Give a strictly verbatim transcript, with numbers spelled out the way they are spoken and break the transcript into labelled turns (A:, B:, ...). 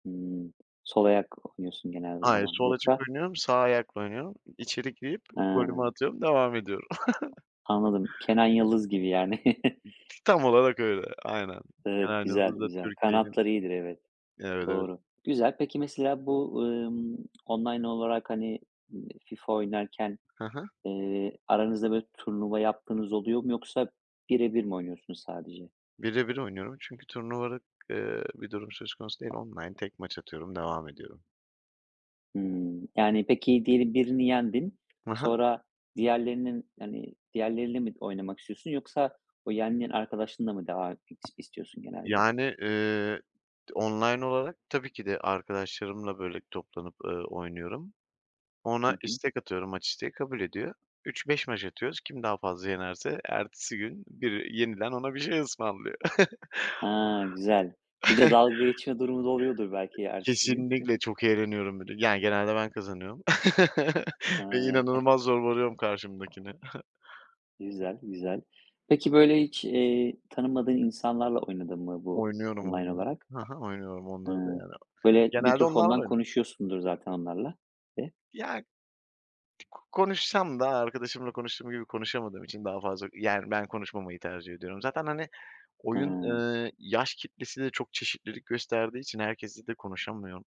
A: Imm, sol ayak oynuyorsun genelde o
B: Hayır,
A: zaman
B: sol açık
A: yoksa
B: oynuyorum. Sağ ayakla oynuyorum, içeri girip golümü
A: He.
B: atıyorum, devam ediyorum.
A: Anladım. Kenan Yıldız gibi yani.
B: Tam olarak öyle, aynen.
A: Evet,
B: Yani, o
A: güzel,
B: da
A: güzel.
B: Türkiye'nin
A: Kanatlar iyidir, evet.
B: Evet, evet.
A: Doğru. Güzel. Peki mesela bu, ımm, online olarak, hani, eee, FIFA oynarken,
B: Hı hı.
A: eee, aranızda böyle, turnuva yaptığınız oluyor mu yoksa bire bir mi oynuyorsunuz sadece?
B: Bire bir oynuyorum, çünkü turnuvalık, eee, bir durum söz konusu değil. Online tek maç atıyorum, devam ediyorum.
A: Hımm, yani, peki diyelim birini yendin
B: Hı hı.
A: sonra diğerlerinin hani, diğerleriyle mi oynamak istiyorsun yoksa o yendiğin arkadaşınla mı devam is istiyorsun
B: G
A: genelde?
B: Yani, eee, d online olarak tabii ki de arkadaşlarımla, böyle, toplanıp, eee, oynuyorum.
A: Hı
B: Ona
A: hı.
B: istek atıyorum maç isteği, kabul ediyor. üç beş maç atıyoruz. Kim daha fazla yenerse ertesi gün biri yeniden ona bir şey ısmarlıyor.
A: Ha, güzel. Bir de dalga geçme durumu da oluyordur
B: E
A: belki ertesi gün?
B: kesinlikle çok eğleniyorum bir de. Ya genelde ben kazanıyorum ve
A: Ha.
B: inanılmaz zorbalıyorum karşımdakini.
A: Güzel, güzel. Peki böyle, hiç, eee, tanımadığın insanlarla oynadın mı bu
B: Oynuyorum,
A: online
B: oynuyorum.
A: olarak?
B: Hı hı, oynuyorum onları da
A: Hıı,
B: yani.
A: böyle,
B: Genelde
A: mikrofondan
B: onlarla [unintelligible]
A: konuşuyorsundur zaten onlarla. [unintelligible]
B: Ya k konuşsam da, arkadaşımla konuştuğum gibi konuşamadığım için daha fazla Yani, ben konuşmamayı tercih ediyorum. Zaten hani, oyun,
A: Hıı.
B: eee, yaş kitlesi de çok çeşitlilik gösterdiği için herkesle de konuşulmuyor.